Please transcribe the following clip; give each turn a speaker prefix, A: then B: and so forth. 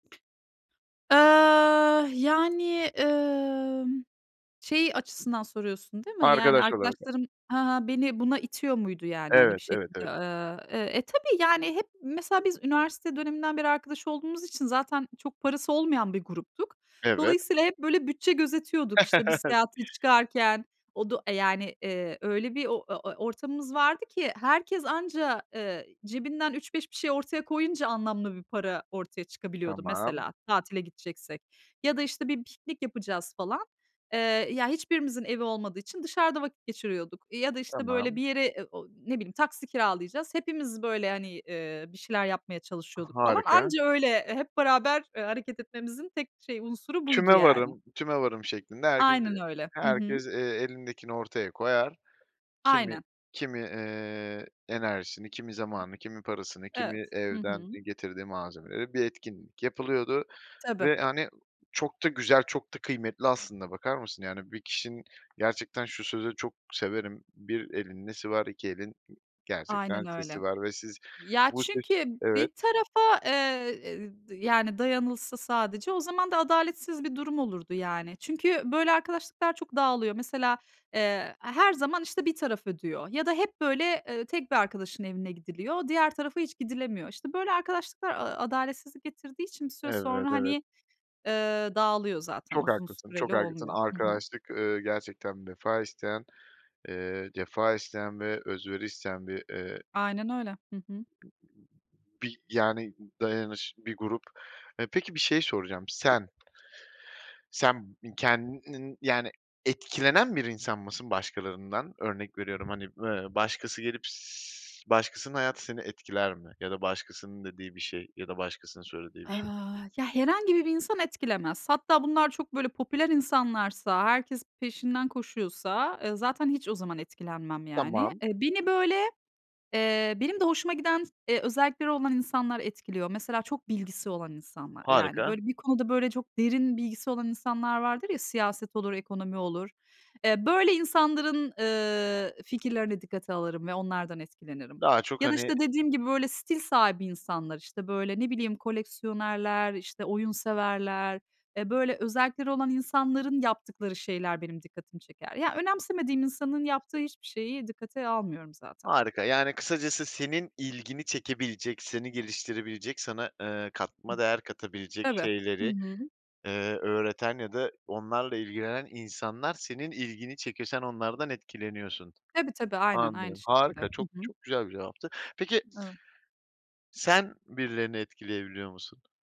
A: Iıı, yani, ımm, şeyi açısından soruyorsun, değil mi? Yani,
B: Arkadaş olarak.
A: arkadaşlarım, ha ha, beni buna itiyor muydu? Yani, hani, bir
B: Evet, evet,
A: şekilde,
B: evet.
A: ııı, eee, e, tabii. Yani, hep mesela biz üniversite döneminden beri arkadaş olduğumuz için zaten çok parası olmayan bir gruptuk.
B: Evet.
A: Dolayısıyla hep, böyle, bütçe gözetiyorduk, işte, bir seyahate çıkarken. Odu e, yani, ııı, öyle bir o ö e ortamımız vardı ki herkes anca, ııı, cebinden 3-5 bir şey ortaya koyunca anlamlı bir para ortaya çıkabiliyordu.
B: Tamam.
A: Mesela, tatile gideceksek ya da, işte, bir piknik yapacağız, falan. Iıı, ya hiçbirimizin evi olmadığı için dışarıda vakit geçiriyorduk ya da, işte, böyle,
B: Tamam.
A: bir yere, ı o ne bileyim, taksi kiralayacağız. Hepimiz, böyle, hani, ııı, bir şeyler yapmaya
B: Ha
A: çalışıyorduk, falan.
B: harika.
A: Anca öyle, hep beraber, ııı, hareket etmemizin tek şey unsuru buydu, yani.
B: Tümevarım, tümevarım şeklinde herkes,
A: Aynen
B: ııı,
A: öyle. Hı hı.
B: herkes, ııı, elindekini ortaya koyar. Kimi,
A: Aynen.
B: kimi, ııı, enerjisini, kimi zamanı, kimi parasını, kimi
A: Evet. Hı
B: evden
A: hı.
B: getirdiği malzemeleri... Bir etkinlik yapılıyordu
A: Tabii.
B: ve, hani, çok da güzel, çok da kıymetli aslında. Bakar mısın? Yani, bir kişinin gerçekten, şu sözü çok severim: "Bir elin nesi var, iki elin gerçekten
A: Aynen öyle.
B: sesi var." Ve siz
A: Ya,
B: bu ses
A: çünkü
B: Evet.
A: bir tarafa, ııı, y yani, dayanılsa sadece, o zaman da adaletsiz bir durum olurdu, yani. Çünkü böyle arkadaşlıklar çok dağılıyor. Mesela, ııı, her zaman, işte, bir taraf ödüyor ya da hep böyle, ııı, tek bir arkadaşın evine gidiliyor, diğer tarafa hiç gidilemiyor. İşte, böyle, aaa, arkadaşlıklar adaletsizlik getirdiği için bir süre
B: Evet,
A: sonra,
B: evet.
A: hani, ııı, dağılıyor zaten.
B: Çok
A: Uzun
B: haklısın çok
A: süreli
B: haklısın
A: olmuyor. Hı hı.
B: arkadaşlık, ııı, gerçekten vefa isteyen, ııı, cefa isteyen ve özveri isteyen bir ııı
A: Aynen öyle. Hı hı.
B: Bir, yani, dayanış bir grup, ııı. Peki, bir şey soracağım. Sen, sen kendinin, yani, etkilenen bir insan mısın başkalarından? Örnek veriyorum, hani, ııı, başkası gelip s başkasının hayatı seni etkiler mi? Ya da, başkasının dediği bir şey, ya da başkasının söylediği bir şey?
A: Iıı, ya, herhangi bir bir insan etkilemez. Hatta bunlar çok, böyle, popüler insanlarsa, herkes peşinden koşuyorsa, ııı, zaten hiç o zaman etkilenmem, yani.
B: Tamam.
A: Iıı, beni, böyle, ııı, benim de hoşuma giden, ııı, özellikleri olan insanlar etkiliyor. Mesela, çok bilgisi olan insanlar. Yani,
B: Harika.
A: böyle, bir konuda çok derin bilgisi olan insanlar vardır ya, siyaset olur, ekonomi olur. Iıı, böyle insanların, ııı, fikirlerini dikkate alırım ve onlardan etkilenirim.
B: Daha çok
A: Ya da,
B: hani
A: işte, dediğim gibi, böyle, stil sahibi insanlar, işte, böyle, ne bileyim, koleksiyonerler, işte, oyun severler. E, böyle, özellikleri olan insanların yaptıkları şeyler benim dikkatimi çeker. Ya, önemsemediğim insanın yaptığı hiçbir şeyi dikkate almıyorum zaten.
B: Harika. Yani, kısacası senin ilgini çekebilecek, seni geliştirebilecek, sana, ııı, katma değer katabilecek
A: Tabii. Hı
B: şeyleri,
A: hı.
B: ııı, öğreten ya da onlarla ilgilenen insanlar senin ilgini çekiyor. Sen onlardan etkileniyorsun.
A: Tabii tabii, aynen aynı
B: Anladım.
A: şekilde.
B: Harika,
A: Hı
B: çok
A: hı.
B: çok güzel bir cevaptı. Peki
A: Evet.
B: Sen birilerini etkileyebiliyor musun?